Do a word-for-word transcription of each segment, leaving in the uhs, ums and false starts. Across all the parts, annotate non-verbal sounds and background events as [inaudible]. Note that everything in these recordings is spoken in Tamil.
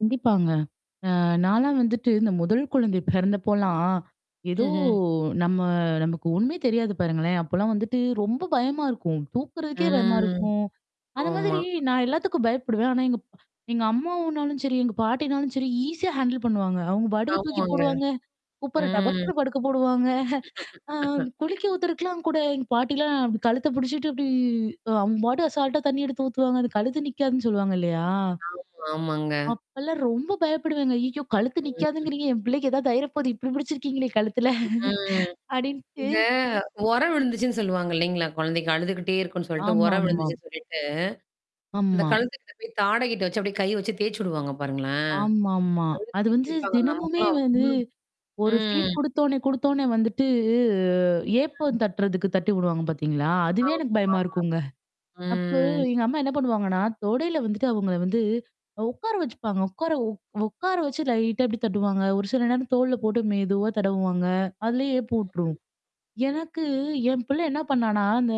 கண்டிப்பாங்க. அ நாலாம் வந்துட்டு இந்த முதல் குழந்தை பிறந்தப்போலாம், ஏதோ ம்ஹ்ம். நம்ம நமக்கு ஒண்ணுமே தெரியாது பாருங்களேன். அப்போலாம் வந்துட்டு ரொம்ப பயமா இருக்கும். தூக்குறதுக்கே பயமா ம். இருக்கும். அந்த மாதிரி ஆமா. நான் எல்லாத்துக்கும் பயப்படுவேன். ஆனா எங்க அம்மாவுனாலும் சரி, எங்க பாட்டினாலும் சரி ஈஸியா ஹேண்டில் பண்ணுவாங்க. அவங்க பாட்டுக்கு தூக்கி ஆமாங்க. போடுவாங்க. குப்பர ம். டபக்குனு படுக்க போடுவாங்க. அ [laughs] குளிக்க ஊத்துறக்கலாம் கூட எங்க பாட்டிலாம் அப்படி கழுத்த புடிச்சுட்டு அப்படி அவங்க பாட்டு அசால்ட்டா தண்ணீ எடுத்து ஊத்துவாங்க. அந்த கழுத்து நிக்காதுன்னு சொல்லுவாங்க இல்லையா? ஆமா, ஆமாங்க. அப்பல்லாம் ரொம்ப பயப்படுவேன்ங்க. அய்யோ! கழுத்து ம். நிக்காதுங்கிறீங்க? என் பிள்ளைக்கு ஏதாவது ஆயிற போகுது இப்டி முடிச்சிருக்கீங்களே கழுத்துல. ம். அப்படின்ட்டு இந்த உரம் விழுந்துச்சுன்னு சொல்லுவாங்க இல்லைங்களா? குழந்தைக்கு அழுதுக்கிட்டே இருக்கனு சொல்லிட்டு, உரம் ஆமாமாம். விழுந்துச்சுன்னு சொல்லிட்டு. அந்த ஆமா. கழுத்துக்கிட்ட போய் தாடைகிட்ட வச்சு அப்படியே கை வச்சு தேய்சு விடுவாங்க பாருங்களோன்? ஆமாமா. அது அழுத்தி வந்து தேய்ப்பாங்க தினமுமே நமக்கெல்லாம் வந்து அவ்ளோ ஒரு ஃபீட் ம். குடுத்தோனே, குடுத்தோனே வந்துட்டு அ ம். ஏப்பம் தட்டுறதுக்கு தட்டி விடுவாங்க பார்த்தீங்களா? அதுவே எனக்கு பயமா ஆமாமா. இருக்குங்க. அப்போ ம். எங்க அம்மா என்ன பண்ணுவாங்கன்னா, தொடையில வந்துட்டு அவங்க வந்து உட்கார வச்சுப்பாங்க. உட்கார உ உட்கார வச்சு லைட்டா அப்படி தட்டுவாங்க. ஒரு சில நேரம் தோள்ல போட்டு மெதுவா தடவுவாங்க. அதிலயே ஏப்பம் உட்ரும். ம்ஹ்ம். எனக்கு, என் பிள்ளை என்ன பண்ணானா, அந்த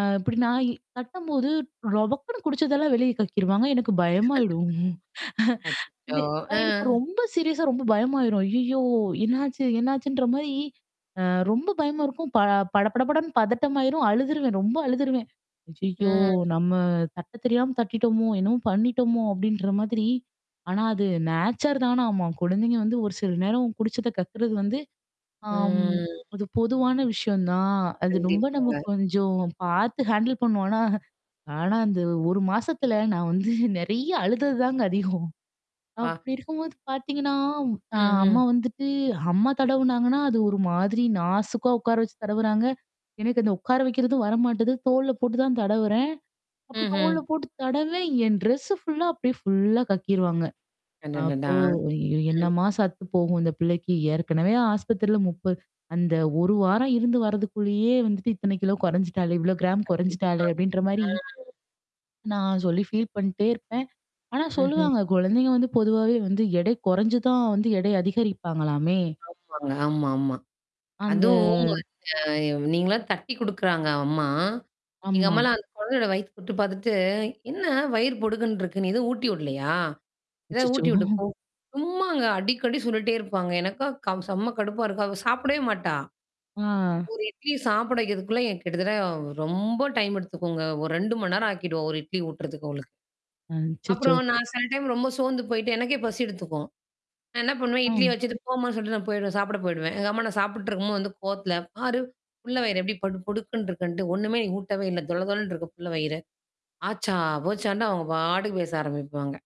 அ இப்டி நா தட்டும்போது ரொபக்குன்னு குடிச்சதெல்லாம் வெளிய கக்கிருவாங்க. எனக்கு பயமாயிடும். [chuckles] அச்சச்சோ! எனக் அ. எனக்கு ரொம்ப சீரியஸா ரொம்ப பயமாயிரும். ஐய்யோ! என்னாச்சு என்னாச்சுன்ற மாரி. அ ரொம்ப பயமா இருக்கும். ப படபடபடன்னு பதட்டமாயிரும் அழுதுருவேன். ரொம்ப அழுதுருவேன். ஐய்யோ! ம். நம்ம தட்ட தெரியாம தட்டிட்டோமோ! என்னவும் பண்ணிட்டோமோ! அப்படின்ற மாதிரி. ஆனா அது நேச்சர் தான ஆமா. குழந்தைங்க வந்து ஒரு சில நேரம் குடிச்சத கக்கறது வந்து ஆம், ம். அது பொதுவான விஷயம் தான். அது ரொம்ப நம்ம கண்டிப்பாங்க. கொஞ்சம் பார்த்து ஹேண்டில் பண்ணுவோம். ஆனா ஆனா, அந்த ஒரு மாசத்துல நான் வந்து நெறைய அழுதது தாங்க அதிகம். ப்பா! அப்படி இருக்கும்போது பார்த்தீங்கன்னா, அ ம். ம். அம்மா வந்துட்டு அம்மா தடவுனாங்கன்னா, அது ஒரு மாதிரி நாசுக்கா உட்கார வச்சு தடவுறாங்க. எனக்கு அந்த உட்கார வைக்கிறதும் வரமாட்டது. தோள்ல போட்டு தான் தடவுறேன். அப்படி ம்ஹ்ம். தோள் போட்டு தடவுறேன், என் டெரெஸ்ஸ ஃபுல்லா அப்டியே ஃபுல்லா கக்கிருவாங்க. அப்போ அடடடா! ம். என்னமா சத்து போகும் இந்த பிள்ளைக்கு. ஏற்கனவே ஆஸ்பத்திரில முப்ப அந்த ஒரு வாரம் இருந்து வர்றதுக்குள்ளேயே வந்துட்டு இத்தனை கிலோ கொறைஞ்சுட்டாளே, இவ்வளோ கிராம் குறைஞ்சுட்டாளுே கண்டிப்பா. அப்டின்ற மாரி ஆ. நான் சொல்லி ஃபீல் பண்ணிட்டே இருப்பேன். ஆனா ம்ஹ்ம். சொல்லுவாங்க, குழந்தைங்க வந்து பொதுவாவே வந்து எடை குறைஞ்சு தான் வந்து எடை அதிகரிப்பாங்களாமே! ஆமாங்க. ஆமாமா. அந்த அதுவும் அந்த நீங்களலாம் தட்டி குடுக்குறாங்க அம்மா. எங்க ஆமா. அம்மாலாம் அந்த கொழந்தயோட வயித்து தொட்டு பார்த்துட்டு "என்ன வயிறு பொடுக்குன்னு இருக்கு. நீ ஏதோ ஊட்டி விடலையா? ஏதாவ அச்சச்சோ! ஊட்டி விட்டு போ." சும்மாங்க. அடிக்கடி சொல்லிட்டே இருப்பாங்க. எனக்கா க செம்ம கடுப்பா இருக்கும். அவ சாப்பிடவே மாட்டா. ஆ. ஒரு இட்லி சாப்பிட வைக்கிறதுக்குள்ள கிட்டத்தட்ட ரொம்ப டைம் எடுத்துக்குங்க. ஒரு ரெண்டு மணி நேரம் ஆக்கிடுவோ, ஒரு இட்லி ஊட்றதுக்கு அவங்களுக்கு. அ அச்சச்சோ! அப்புறம் நான் சில டைம் ரொம்ப சோந்து போய்ட்டு எனக்கே பசி எடுத்துக்கும். நான் என்ன பண்ணுவேன், இட்லிய ம். வச்சுட்டு போமான்னு சொல்லிட்டு நான் போயிடுவேன். சாப்பிட போயிடுவேன். எங்க அம்மா நான் சாப்புட்டு இருக்கும்போது வந்து கோவத்தல பாரு. "புல்ல வயிற எப்படி பொடு பொடுக்குன்னு இருக்குன்ட்டு ஒண்ணுமே நீ ஊட்டவே இல்ல. தொள தொளன்ன இருக்கு புல்ல வயிறு." ஆச்சா, போச்சான்ண்ட அவங்க பாட்டுக்கு பேச ஆரம்பிப்பாங்க.